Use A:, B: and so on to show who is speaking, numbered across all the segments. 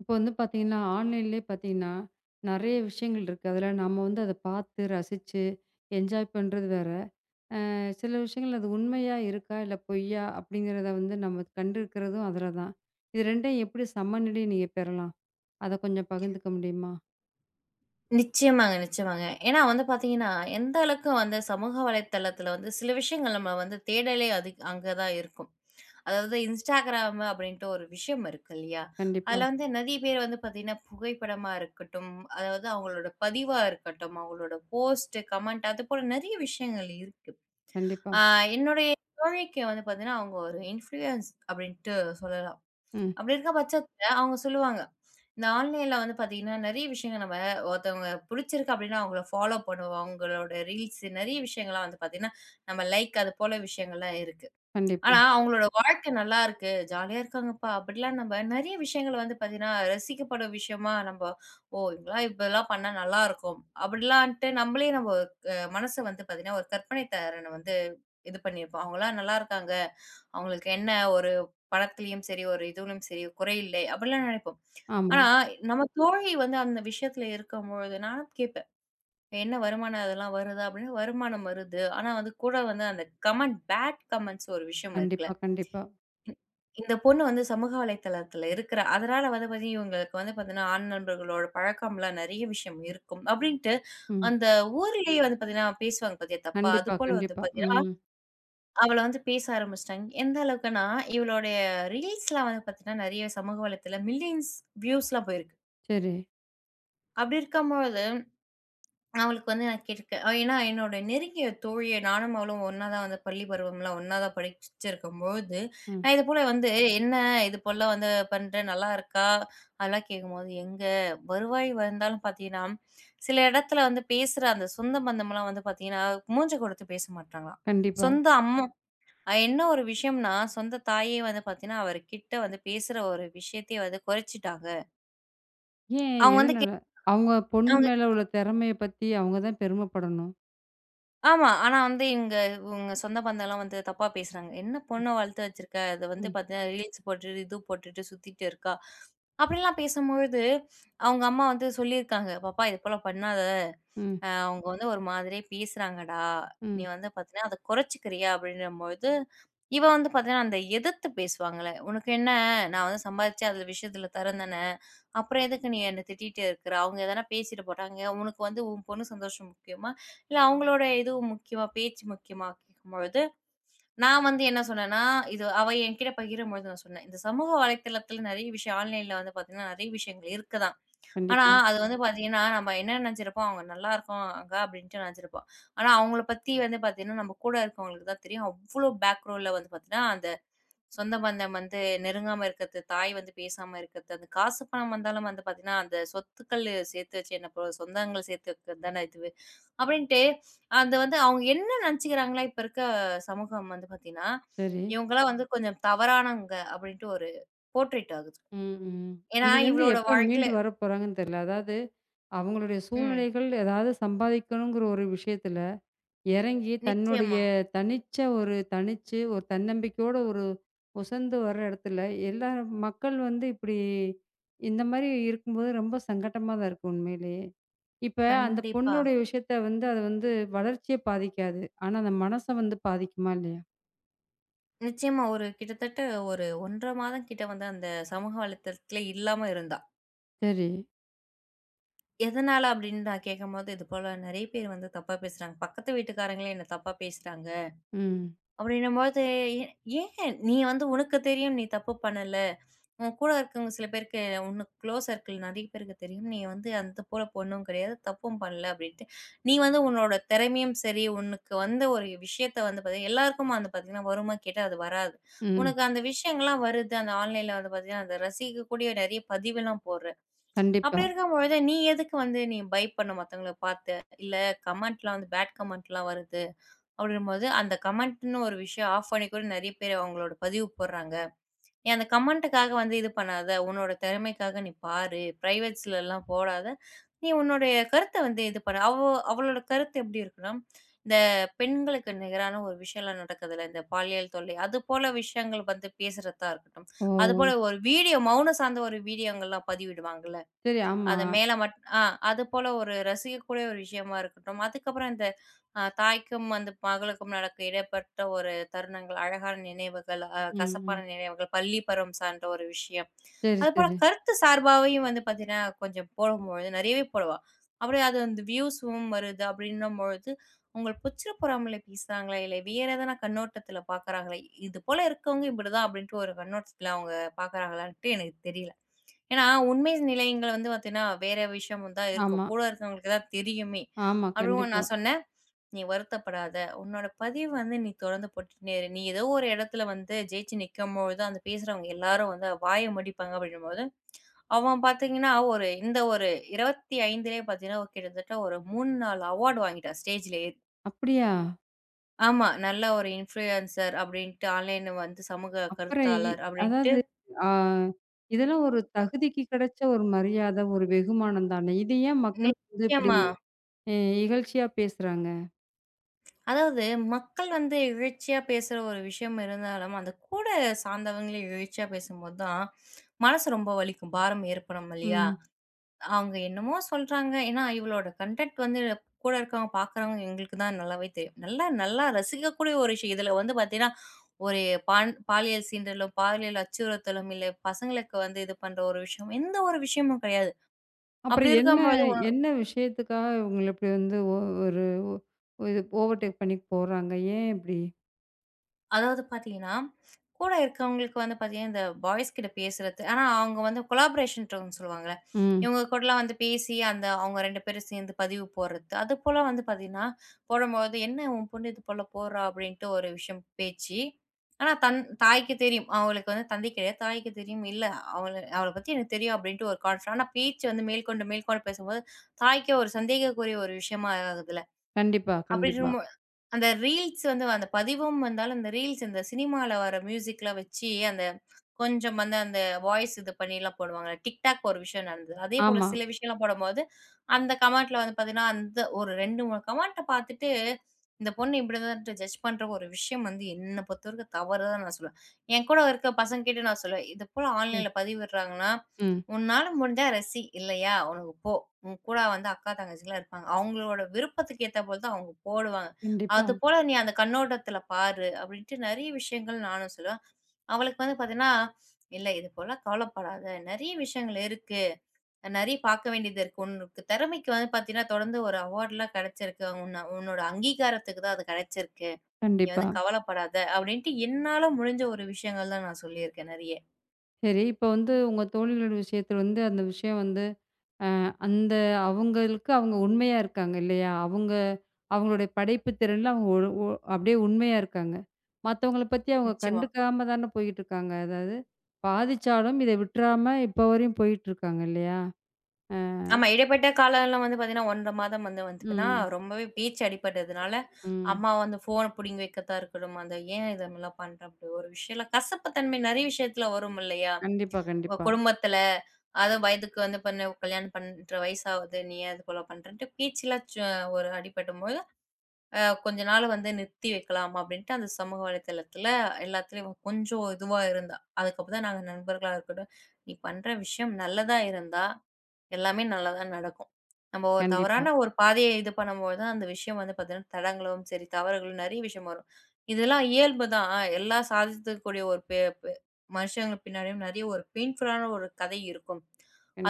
A: இப்ப வந்து பாத்தீங்கன்னா ஆன்லைன்லயே பாத்தீங்கன்னா, நிறைய விஷயங்கள் இருக்கு. அதுல நம்ம வந்து அதைப்பார்த்து, ரசிச்சு, என்ஜாய் பண்றது வேற. அ சில விஷயங்கள் அது உண்மையா இருக்கா, இல்லை பொய்யா, அப்படிங்கிறத வந்து நம்ம கண்டுகிறதும் அதுலதான். இது ரெண்டையும் எப்படி சமநிலையை நீங்க பெறலாம், அதை கொஞ்சம் பகிர்ந்துக்க முடியுமா?
B: நிச்சயமாங்க நிச்சயமாங்க. ஏன்னா வந்து பார்த்தீங்கன்னா, எந்த அளவுக்கு வந்து சமூக வலைத்தளத்தில வந்து சில விஷயங்கள் நம்ம வந்து தேடலே அது அங்க தான் இருக்கும். அதாவது Instagram அப்படின்ட்டு ஒரு விஷயம் இருக்கு இல்லையா?
A: கண்டிப்பா.
B: அதுல வந்து நறைய பேர் வந்து பாத்தீங்கன்னா புகைப்படமா இருக்கட்டும், அதாவது அவங்களோட பதிவா இருக்கட்டும், அவங்களோட போஸ்ட், கமெண்ட் அதுபோல நிறைய விஷயங்கள் இருக்கு.
A: கண்டிப்பா.
B: ஆ என்னுடைய தோழிக்கு வந்து பாத்தீங்கன்னா, அவங்க ஒரு இன்ஃபுளூயன்ஸ் அப்படின்ட்டு சொல்லலாம்.
A: ம்.
B: அப்படி இருக்க பட்சத்துல அவங்க சொல்லுவாங்க, இந்த ஆன்லைன்ல வந்து பாத்தீங்கன்னா நிறைய விஷயங்களை நம்ம ஒருத்தவங்கள பிடிச்சிருக்கு அப்படின்னா அவங்கள ஃபாலோ பண்ணுவோம். அவங்களோட ரீல்ஸ் நிறைய விஷயங்கள் எல்லாம் வந்து பார்த்தீங்கன்னா, நம்ம லைக் அது போல விஷயங்கள்லாம் இருக்கு.
A: கண்டிப்பா.
B: ஆனா அவங்களோட வாழ்க்கை நல்லா இருக்கு ஜாலியா இருக்காங்கப்பா அப்படிலாம் நம்ம நிறைய விஷயங்கள் வந்து பாத்தீங்கன்னா ரசிக்கப்படும் விஷயமா நம்ம ஓ இப்படிலாம் இதெல்லாம் பண்ணா நல்லா இருக்கும் அப்படிலான்ட்டு நம்மளே நம்ம க மனச வந்து பாத்தீங்கன்னா ஒரு கற்பனை திறன் வந்து இது பண்ணிப்போம். அவங்களாம் நல்லா இருக்காங்க, அவங்களுக்கு என்ன. ஒரு பணத்திலயும் சரி ஒரு இதிலும் சரி குறையில்லை அப்படிலாம் நினைப்போம்.
A: ஆமா.
B: ஆனா நமது தோழி வந்து அந்த விஷயத்தில் இருக்கும் பொழுது நானும் கேப்பேன். என்ன வருமானம் அதெல்லாம் வருதா? அப்படின்னு வருமானம் வருது, ஆனா வந்து கூட வந்து அந்த கமெண்ட் பேட் கமெண்ட்ஸ் ஒரு விஷயம் இருக்குல.
A: கண்டிப்பா. கண்டிப்பா.
B: இந்த பொண்ணு வந்து சமூக வலைத்தளத்தில இருக்கிறா. அதனால வந்து பார்த்தீங்கன்னா இவங்களுக்கு வந்து பாத்தீங்கன்னா ஆண் நண்பர்களோடு பழக்கம் எல்லாம் நிறைய விஷயம் இருக்கும், அப்படின்ட்டு
A: ம்.
B: அந்த ஊரிலேயே வந்து பார்த்தீங்கன்னா பேசுவாங்க பாத்தியா தப்பா
A: கண்டிப்பா.
B: அதுபோல வந்து
A: கண்டிப்பா.
B: பார்த்தீங்கன்னா,
A: ம்.
B: அவள வந்து பேச ஆரம்பிச்சுட்டாங்க. எந்த அளவுக்குன்னா இவளுடைய ரீல்ஸ் எல்லாம் வந்து பார்த்தீங்கன்னா, நிறைய சமூக வலைத்தளத்தில மில்லியன்ஸ் வியூஸ்லாம் போயிருக்கு.
A: சரி.
B: அப்டி இருக்கும் பொழுது, நான் அவளுக்கு வந்து நான் கேட்டுருக்கேன். ஏன்னா, என்னோட நெருங்கிய தோழியா நானும் அவளும் ஒண்ணா தான் வந்து பள்ளிப்பருவம் எல்லாம் ஒண்ணா தான் படிச்சுச்சிருக்கம் பொழுது,
A: ம்.
B: நான் இதுபோல வந்து என்ன இது போலல்லாம் வந்து பண்ற நல்லா இருக்கா? அதெல்லாம் கேட்கும்போது எங்க வருவாய் வந்தாலும் பார்த்தீங்கன்னா, சில இடத்தில வந்து பேசுற அந்த சொந்த பந்தம்லாம் வந்து பாத்தீங்கன்னா, மூஞ்ச கொடுத்து பேச மாட்டாங்களாம்.
A: கண்டிப்பா.
B: சொந்த அம்மா என்ன ஒரு விஷயம்னா, சொந்த தாயே வந்து பாத்தீங்கன்னா, அவர் கிட்ட வந்து பேசுற ஒரு விஷயத்தையே வந்து குறைச்சிட்டாங்க.
A: ஏன்?
B: அவங்க வந்து கே
A: எதுனால? அவங்க பொண்ணு
B: அவங்க
A: மேல உள்ள திறமைய பத்தி அவங்க தான் பெருமை படணும்.
B: ஆமா, ஆனா வந்து இவங்க இவங்க சொந்த பந்தலாம் வந்து தப்பா பேசுறாங்க. என்ன பொண்ண வளர்த்து வச்சிருக்க? அது வந்து
A: ம்.
B: பாத்தீங்கன்னா, ரீல்ஸ் போட்டுட்டு, இது போட்டுட்டு சுத்திட்டு இருக்கா? அப்படிலாம் பேசும் பொழுது, அவங்க அம்மா வந்து சொல்லி இருக்காங்க. பாப்பா, இது போல பண்ணாத,
A: ம்.
B: அ அவங்க வந்து ஒரு மாதிரியே பேசுறாங்கடா. நீ
A: ம்.
B: வந்து பாத்தீனா, அத குறைச்சுக்குறியா? அப்படிங்கும் பொழுது இவ வந்து பாத்தீங்கன்னா, அந்த எதிர்த்து பேசுவாங்கல்ல, உனக்கென்ன? நான் வந்து சம்பாதிச்சேன். அந்த விஷயத்துல தர்றேன் தானே? அப்புறம் எதுக்கு நீ என்னை திட்டிக்கிட்டு இருக்கிற? அவங்க எதனா பேசிட்டு போறாங்க. உனக்கு வந்து உன் பொண்ணு சந்தோஷம் முக்கியமா? இல்ல அவங்களோட இது முக்கியமா? பேச்சு முக்கியமா? பொழுது நான் வந்து என்ன சொன்னேன்னா, இது அவ என்கிட்ட பகிரும்போது நான் சொன்னேன். இந்த சமூக வலைதளத்துல நிறைய விஷயம் ஆன்லைன்ல வந்து பாத்தீங்கன்னா, நிறைய விஷயங்கள் இருக்கு தான். ஆனா,
A: கண்டிப்பா.
B: அது வந்து பாத்தீங்கன்னா, நம்ம என்ன நினைச்சிருப்போம் அவங்க நல்லா இருக்காங்க அப்படின்னு நினைச்சிருப்போம். ஆனா அவங்களை பத்தி வந்து பாத்தீங்கன்னா, நம்ம கூட இருக்கிறவங்களுக்கு தான் தெரியும். அவ்வளவு பேக்ரௌன்டுல வந்து பாத்தீங்கன்னா, அந்த சொந்த பந்தம் வந்து நெருங்காம இருக்கிறது, தாய் வந்து பேசாம இருக்கிறது. அந்த காசு, பணம் வந்தாலும் வந்து பாத்தீங்கன்னா, அந்த சொத்துக்கள் சேர்த்து வச்சு பிரோ என்ன சொந்தங்கள் சேர்த்து வைக்கிறது தானே இதுவே. அப்படின்னுட்டு அது வந்து அவங்க என்ன நினைச்சுக்கிறாங்கன்னா, இப்ப இருக்க சமூகம் வந்து பாத்தீங்கன்னா,
A: சரி.
B: இவங்கலாம் வந்து கொஞ்சம் தவறானவங்க அப்படின்னு ஒரு போர்ட்ரைட் ஆகுது.
A: ம், ம்.
B: ஏன்னா,
A: இதுல இருந்து
B: இவளோட
A: எப்ப
B: வாழ்க்கையில
A: மீண்டு வர போறாங்கன்னு தெரியல. அதாவது, அவங்களுடைய
B: ம்.
A: சூழ்நிலைகள் ஏதாவது சம்பாதிக்கணும்ங்கிற ஒரு விஷயத்துல இறங்கி, தன்னுடைய
B: நிச்சயமா.
A: தனிச்ச ஒரு தனிச்சு ஒரு தன்னம்பிக்கையோட ஒரு உசந்து வர இடத்துல, எல்லா மக்கள் வந்து இப்படி இந்த மாரி இருக்கும் போது ரொம்ப சங்கட்டமா தான் இருக்கு உண்மையிலேயே. இப்ப அந்த
B: கண்டிப்பா.
A: பொண்ணுடைய விஷயத்த வந்து அது வந்து வளர்ச்சிய பாதிக்காது. ஆனா, அந்த மனச வந்து பாதிக்குமா? இல்லையா?
B: நிச்சயமா, ஒரு கிட்டத்தட்ட ஒரு 1 1/2 மாதம் கிட்ட வந்து அந்த சமூக வலைத்தளத்தில இல்லாம இருந்தா.
A: சரி.
B: எதனால அப்படின்னு நான் கேட்கும்போது, "இது போல நெறைய பேர் வந்து தப்பா பேசுறாங்க." பக்கத்து வீட்டுக்காரங்களே என்ன தப்பா பேசுறாங்க.
A: ம்.
B: அப்படின்னும் போது. "ஏன்? நீ வந்து உனக்கு தெரியும். நீ தப்பு பண்ணல. உன் கூட இருக்கவங்க சில பேருக்கு உனக்கு குளோஸ் சர்கிள் நெறைய பேருக்கு தெரியும். நீ வந்து அந்த போல பொண்ணும் கிடையாது, தப்பும் பண்ணல" அப்படின்னுடு. "நீ வந்து உன்னோட திறமையும் சரி உனக்கு வந்து ஒரு விஷயத்தை வந்து பார்த்தீங்கன்னா, எல்லாருக்கும் அது பாத்தீங்கன்னா வருமான்னு கேட்டா அது வராது.
A: ம்.
B: உனக்கு அந்த விஷயங்கள் எல்லாம் வருது. அந்த ஆன்லைன்ல வந்து பார்த்தீங்கன்னா, அத ரசிக்கக்கூடிய நெறைய பதிவு எல்லாம் போடுற. அப்படி
A: கண்டிப்பா.
B: இருக்கும்பொழுது நீ எதுக்கு வந்து நீ பயப்படணும் மத்தவங்கள பாத்து. இல்ல கமெண்ட்ல வந்து பேட் கமெண்ட் எல்லாம் வருது அப்படின்னு போது. அந்த கமெண்ட்ன்னு ஒரு விஷயம் ஆஃப் பண்ணிக்கூட நெறைய பேர் அவங்களோட பதிவு போடுறாங்க. நீ அந்த கமெண்ட்க்காக வந்து இது பண்ணாத. உன்னோட திறமைக்காக நீ பாரு. பிரைவேட்ஸ் எல்லாம் போடாத. நீ உன்னோட கருத்த வந்து இது பண்ணு." அவ்வோ அவளோட கருத்து எப்படி இருக்குன்னா, இந்த பெண்களுக்கு நிகரான ஒரு விஷயம் எல்லாம் நடக்குதுல்ல. இந்த பாலியல் தொல்லை அது போல விஷயங்கள் வந்து பேசுறதா இருக்கட்டும். அது போல
A: ஓ!
B: ஒரு வீடியோ, மவுன சார்ந்த ஒரு வீடியோங்கெல்லாம் பதிவிடுவாங்கல்ல.
A: சரி, ஆமா.
B: அது மேல மட்டும் அ அது போல ஒரு ரசிக்கக்கூடிய ஒரு விஷயமா இருக்கட்டும். அதுக்கப்பறம், அந்த ஆ, தாய்க்கும் வந்து மகளுக்கும் நடக்கும் இடப்பட்ட ஒரு தருணங்கள், அழகான நினைவுகள், அ
A: ம்.
B: கசப்பான
A: ம்.
B: நினைவுகள், பள்ளி பருவம் சார்ந்த ஒரு விஷயம்.
A: சரி,
B: அது
A: சரி.
B: போலக் கருத்து சார்பாவும் வந்து பார்த்தீங்கன்னா, கொஞ்சம் போடும்போது நெறையவே போடுவா. அப்படியே அது வந்து வியூஸ்யும் வருது அப்படின்னும் பொழுது. அங்க பொச்சிரப்புறாமல பேசுறாங்களே இல்ல. வேற எதான கண்ணோட்டத்துல பாக்குறாங்கள, இது போல இருக்கவங்க இப்படி தான் அப்படினுடு ஒரு கண்ணோட்டத்துல அவங்க பாக்குறாங்களான்ட்டு எனக்குத் தெரியல. ஏன்னா உண்மை நிலைகள் வந்து பார்த்தீங்கன்னா, வேற விஷயம் தான் இருக்கும்.
A: ஆமா.
B: கூட இருக்கிறவங்களுக்கு தான் தெரியுமே.
A: ஆமா,
B: அப்படின்னு
A: கண்டிப்பா.
B: நான் சொன்னேன். "நீ வருத்தப்படாத. உன்னோட பதிவை வந்து நீ தொடர்ந்து போட்டுன்னே இரு. நீ ஏதோ ஒரு இடத்துல வந்து ஜெயிச்சு நிக்கும்பொழுது, அந்தப் பேசுறவங்க எல்லாரும் வந்து வாயை மடிப்பாங்கும்பொழுது" அவன் பாத்தீங்கன்னா, ஒரு இந்த ஒரு 25லயே பார்த்தீங்கன்னா, ஒரு கிட்டத்தட்ட ஒரு 3, 4 அவார்டு வாங்கிட்டா ஸ்டேஜ்ல ஏறி.
A: அப்டியா?
B: ஆமா நல்ல ஒரு இன்ஃப்ளூயன்சர் அப்டின்டு, ஆன்லைன்ல வந்து சமூக
A: அப்ரை
B: கருத்தாளர் அப்டின்ட்டு
A: அதாவது ஆ இதெல்லாம் ஒரு தகுதிக்கு கெடச்ச ஒரு மரியாத, ஒரு வெகுமானம்தானே. இது ஏன் மக்கள் [unintelligible] இப்படி
B: நிச்சயமா.
A: இகழ்ச்சியா பேசுறாங்க?
B: அதாவது மக்கள் வந்து இகழ்ச்சியா பேசுற ஒரு விஷயம் இருந்தாலும், அந்தக் கூட சார்ந்தவங்களே இகழ்ச்சியா பேசும்போதான் மனசு ரொம்ப வலிக்கும். பாரம் ஏற்படும் இல்லயா?
A: ம்.
B: அவுங்க என்னமோ சொல்றாங்க. ஏன்னா இவளோட கன்டன்ட் வந்து கூட இருக்கிறவங்க, பாக்குறவங்க எங்களுக்குதான் நல்லாவே தெரியும். நல்லா நல்லா ரசிக்கக்கூடிய ஒரு விஷயம். இதுல வந்து பாத்தீங்கன்னா ஒரு பான் பாலியல் சீண்டலும், பாலியல் அச்சுறுத்தலும் இல்ல. பசங்களுக்கு வந்து இது பண்ற ஒரு விஷயம். எந்த ஒரு விஷயமும் கெடையாது. அப்டி
A: அப்புறம் என்ன,
B: இருக்கும்போது ஒன்
A: என்ன விஷயத்துக்காக இவங்கள இப்படி வந்து ஒ ஒரு இது ஓவர்டேக் பண்ணி போறாங்க? ஏன் இப்படி?
B: அதாவது பாத்தீங்கன்னா, கூட இருக்கிறவங்களுக்கு வந்து பாத்தீங்கன்னா இந்த பாய்ஸ் கிட்ட பேசுறது. ஆ அவுங்க வந்து கொலாபரேஷன்ட்டு ஒண்ணு சொல்லுவாங்கள்ல.
A: ம்.
B: இவங்க கூடல்லாம் வந்து பேசி அந்த அவுங்க 2 பேரும் சேர்ந்து பதிவு போடுறது. அது போல வந்து பாத்தீங்கன்னா, போடும்பொழுது என்ன உன் பொண்ணு இது போல போடுறா அப்டின்னுட்டு ஒரு விஷயம் பேச்சு ஆனா தன் தாய்க்கு தெரியும். அவளுக்கு வந்து தந்தை கிடையாது. தாய்க்கு தெரியும். இல்ல அவள அவளப் பத்தி எனக்குத் தெரியும் அப்டின்னுட்டு ஒரு கான்ஃபிடன்ஸ் ஆனா பேச்சு வந்து மேற்கொண்டு மேற்கொண்டு பேசும்போது தாய்க்கு ஒரு சந்தேகக்குரிய ஒரு விஷயமா ஆகுதுல்ல.
A: கண்டிப்பா.
B: அப்டி
A: கண்டிப்பா.
B: இருக்கும்போ அந்த ரீல்ஸ் வந்து அந்த பதிவும் வந்தாலும் அந்த ரீல்ஸ் இந்தச் சினிமாவுல வர்ற மியூசிக்ல வச்சி அந்த கொஞ்சம் வந்து அந்த வாய்ஸ் இது பண்ணில்லாம் போடுவாங்கள்ல. TikTok ஒரு விஷயம் நடந்தது. அதே
A: ஆமா.
B: போலச் சில விஷயம்லாம் போடும்போது, அந்தக் கமெண்ட்ல வந்து பாத்தீங்கன்னா அந்த ஒரு 2, 3 கமெண்ட்ட பாத்துட்டு, இந்தப் பொண்ணு இப்படிதான்ட்டு ஜட்ஜ் பண்ற ஒரு விஷயம் வந்து என்னப் பொறுத்தவரைக்கும் தவறுதான்னு நான் சொல்லுவேன். என்கூட இருக்கிற பசங்ககிட்ட நான் சொல்லுவேன். இது போல
A: சரி.
B: ஆன்லைன்ல பதிவிட்றாங்கன்னா,
A: ம்.
B: உன்னால முடிஞ்சா ரசி. இல்லயா, உனக்குப் போ. உன் கூட வந்து அக்கா, தங்கச்சில்லாம் இருப்பாங்க. அவங்களோட விருப்பத்துக்கு ஏத்த போலதான் அவங்க போடுவாங்க.
A: கண்டிப்பா.
B: அது போல நீ அந்தக் கண்ணோட்டத்துல பாரு. அப்டின்னுட்டு நெறைய விஷயங்கள் நானும் சொல்வேன். அவளுக்கு வந்து பாத்தீன்னா, இல்ல இது போலல்லாம் கவலப்படாத. நெறைய விஷயங்கள் இருக்கு. நெறைய பார்க்க வேண்டியது இருக்கு. உனக்கு தெறமைக்கு வந்து பாத்தீங்கன்னா தொடர்ந்து ஒரு அவார்ட்லாம் கெடைச்சிருக்கு. உன்ன உன்னோட அங்கீகாரத்துக்குதான் அது கெடைச்சிருக்கு. நீ
A: கண்டிப்பா.
B: வந்து கவலப்படாத. அப்டின்னுட்டு என்னால முடிஞ்ச ஒரு விஷயங்கள் தான் நான் சொல்லி இருக்கேன் நெறைய.
A: சரி, இப்ப வந்து உங்க தோழிகளுடய விஷயத்துல வந்து ஆ அந்த விஷயம் வந்து அ அந்த அவங்களுக்கு அவங்க உண்மையா இருக்காங்க இல்லையா? அவங்க அவங்களோட படைப்புத்திறன்ல அவங்க ஓரு ஓரு அப்படியே உண்மையா இருக்காங்க. மத்தவங்கள பத்தி அவங்க
B: நிச்சயமா.
A: கண்டுக்காமதான போயிட்டு இருக்காங்க. அதாவது பாதிச்சாலும் இத விட்டுறாம இப்பவரையும் போயிட்டு இருக்காங்க இல்லையா? அ.
B: ஆமா.
A: அ.
B: இடைப்பட்ட காலம் எல்லாம் வந்து பாத்தீங்கன்னா 1 1/2 மாதம் வந்து வந்ததுன்னா
A: ம்.
B: ரொம்பவே பேச்சு அடிபட்டதுனால
A: ம்.
B: அம்மா வந்து போன புடுங்கி வைக்கத்தாருக்குட்டும். அந்த ஏன் இதெல்லாம் பண்றோம்ன்ட்டு ஒரு விஷயல்லாம், கசப்பு தன்மை நிறைய விஷயத்துல வரும் இல்லையா?
A: கண்டிப்பா, கண்டிப்பா.
B: குடும்பத்துல அது வயதுக்கு வந்து பெண்ணா கல்யாணம் பண்ற வயசு ஆகுது. நீ ஏன் இத போலப் பண்றன்ட்டு பேச்சுல சோ ஒரு அடிபடும்போது ஆ கொஞ்ச நாள் வந்து நிறுத்தி வைக்கலாம் அப்புடின்னுட்டு அந்தச் சமூக வலைத்தளத்துல எல்லாத்துலயும் கொஞ்சம் இதுவா இருந்தா. அதுக்கப்புறம்தான் நாங்க நண்பர்களா இருக்கட்டும். நீ பண்ற விஷயம் நல்லதா இருந்தா எல்லாமே நல்லதா நடக்கும். நம்ம ஓர்
A: கண்டிப்பா.
B: தவறான ஒரு பாதையை இது பண்ணும்போதுதான், அந்த விஷயம் வந்து பாத்தீங்கன்னா தடங்கலாவும் சரி, தவறுகளும் நிறைய விஷயம் வரும். இதெல்லாம் இயல்புதான். ஆ எல்லாம் சாதித்தக்கூடிய ஒரு பே பே மனுஷங்க பின்னாடியும் நிறைய ஒரு பெய்ண்புல் ஆன ஒரு கதை இருக்கும்.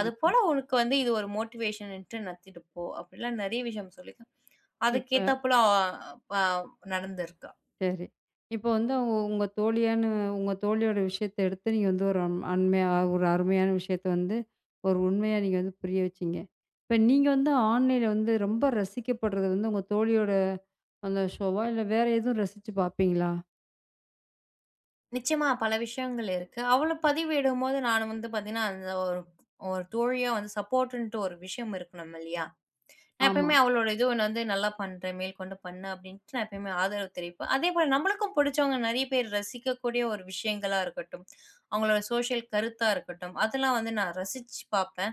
B: அது போல உனக்கு வந்து இது ஒரு மோட்டிவேஷன்னுட்டு நடத்திப்போ அப்புடிலாம் நிறைய விஷயம் சொல்லியிருக்கேன். அதுக்கு
A: இப்ப
B: ஏத்த போல ஆ ஆ நடந்துருக்கா.
A: சரி, இப்ப வந்து அவுங்க உங்க தோழியானு உங்க தோழியோட விஷயத்த எடுத்து நீங்க வந்து ஒரு அண்மையா ஒரு அருமையான விஷயத்தை வந்து ஒரு உண்மையா நீங்க வந்து புரிய வச்சீங்க. இப்ப நீங்க வந்து ஆன்லைன்ல வந்து ரொம்ப ரசிக்கப்படுறது வந்து உங்க தோழியோட அந்த ஷோவா இல்ல வேற எதுவும் ரசிச்சு பாப்பீங்களா?
B: நிச்சயமா பல விஷயங்கள் இருக்கு. அவள பதிவிடும்போது நானும் வந்து பாத்தீங்கன்னா, அந்த ஒரு தோழியா வந்து சப்போர்ட்ன்னுட்டு ஒரு விஷயம் இருக்கணும் இல்லயா? நான்
A: ஆமா.
B: எப்பவுமே அவளோட இது வந்து நல்லா பண்றேன். மேற்கொண்டு பண்ணு அப்டின்னுட்டு நான் எப்பவுமே ஆதரவு தெரிவிப்பேன். அதே போல நம்மளுக்கும் புடிச்சவங்க நறைய பேர் ரசிக்கக்கூடிய ஒரு விஷயங்களா இருக்கட்டும். அவங்களோட சோசியல் கருத்தா இருக்கட்டும், அதெல்லாம் வந்து நான் ரசிச்சு பாப்பேன்.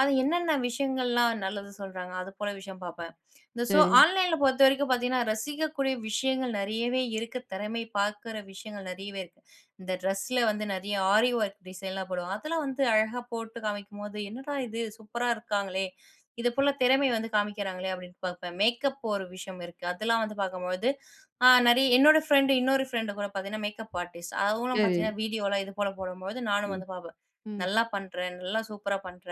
B: அது என்னென்ன விஷயங்கள்லாம் நல்லது சொல்றாங்க. அது போல விஷயம் பாப்பேன். இந்த சோ
A: சரி.
B: ஆன்லைன்ல பொறுத்தவரைக்கும் பாத்தீங்கன்னா, ரசிக்கக்கூடிய விஷயங்கள் நெறையவே இருக்கு. தெறமை பாக்கிற விஷயங்கள் நறையவே இருக்கு. இந்த ட்ரெஸ்ல வந்து நறைய ஆரி வொர்க் டிசைன் எல்லாம் போடுவாங்க. அதெல்லாம் வந்து அழகா போட்டு காமிக்கும்போது, என்னடா இது சூப்பரா இருக்காங்களே! இது போலத் திறமை வந்து காமிக்கிறாங்களே அப்டின்னுட்டு பாப்பேன். மேக்கப் ஒரு விஷயம் இருக்கு, அதெல்லாம் வந்து பாக்கும்பொழுது ஆ நறைய என்னோட ப்ரண்டு இன்னொரு ப்ரண்டு கூடப் பாத்தீங்கன்னா, மேக்கப் அர்ட்டிஸ்ட் அவளும்
A: சரி.
B: பாத்தீங்கன்னா, வீடியோ எல்லாம் இது போலப் போடும்பொழுது நானும்
A: ம்,
B: வந்து பாப்பேன்.
A: ம்.
B: நல்லா பண்ற. நல்லா சூப்பரா பண்ற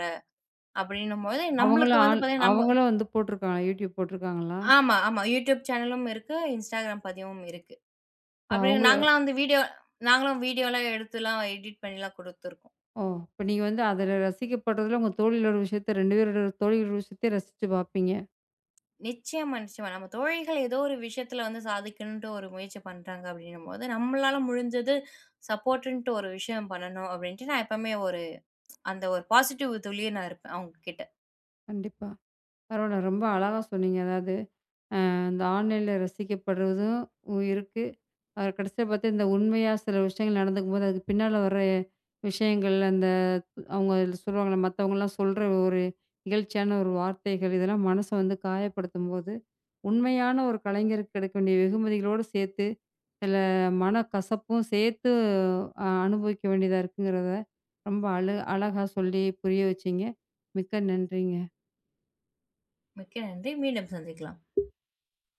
B: அப்டின்னும்பொழுது,
A: அவங்களும்
B: நம்மளுக்கு வந்து
A: ஆள்
B: பாத்தீங்கன்னா நம்ம
A: அவங்களும் வந்து போட்டுருக்காங்களா? Youtube போட்டிருக்காங்களா?
B: ஆமா, ஆமா. Youtube சேனலும் இருக்கு. Instagram பதிவும் இருக்கு.
A: இப்ப
B: அப்டி
A: அவங்கள
B: நாங்கள்லாம் வந்து வீடியோ நாங்களும் வீடியோல்லாம் எடுத்து எல்லாம் எடிட்பண்ணிலாம் குடுத்திருக்கோம்.
A: ஓ! இப்ப நீங்க வந்து அதுல ரசிக்கப்படுறதுல, உங்க தோழிக்ளோட விஷயத்த 2 பேருடைய தோழிகளோட விஷயத்தயே ரசிச்சு பாப்பீங்க.
B: நிச்சயமா, நிச்சயமா, நம்ம தோழிகள் ஏதோ ஒரு விஷயத்துல வந்து சாதிக்கணும்ன்ட்டு ஒரு முயற்சி பண்றாங்க அப்படின்னும்போது, நம்மளால முடிஞ்சது சப்போர்ட்ன்னுட்டு ஒரு விஷயம் பண்ணணும் அப்டின்னுட்டு, நான் எப்பவுமே ஒரு அந்த ஒரு பாசிட்டிவ் தோழியா நான் இருப்பேன் அவங்ககிட்ட.
A: கண்டிப்பா. பரவால்ல ரொம்ப அழகா சொன்னீங்க. அதாவது அ இந்த ஆன்லைன்ல ரசிக்கப்படுறதும் இருக்கு ஆ கடைசியா பாத்த உண்மையா சில விஷயங்கள் நடந்துக்கும்போது, அதுக்கு பின்னால வர்ற விஷயங்கள். அந்த அவங்க சொல்வாங்கல, மத்தவங்கள்லாம் சொல்ற ஒரு இகழ்ச்சியான ஒரு வார்த்தைகள் இதெல்லாம் மனச வந்து காயப்படுத்தும்போது, உண்மையான ஒரு கலைஞருக்கு கிடைக்க வேண்டிய வெகுமதிகளோட சேர்த்து, சில மனக் கசப்பும் சேர்த்து அ அனுபவிக்க வேண்டியதா இருக்குங்கிறத ரொம்ப அழ அழகா சொல்லி புரிய வச்சீங்க. மிக்க நன்றிங்க.
B: மிக்க நன்றி, மீண்டும் சந்திக்கலாம்.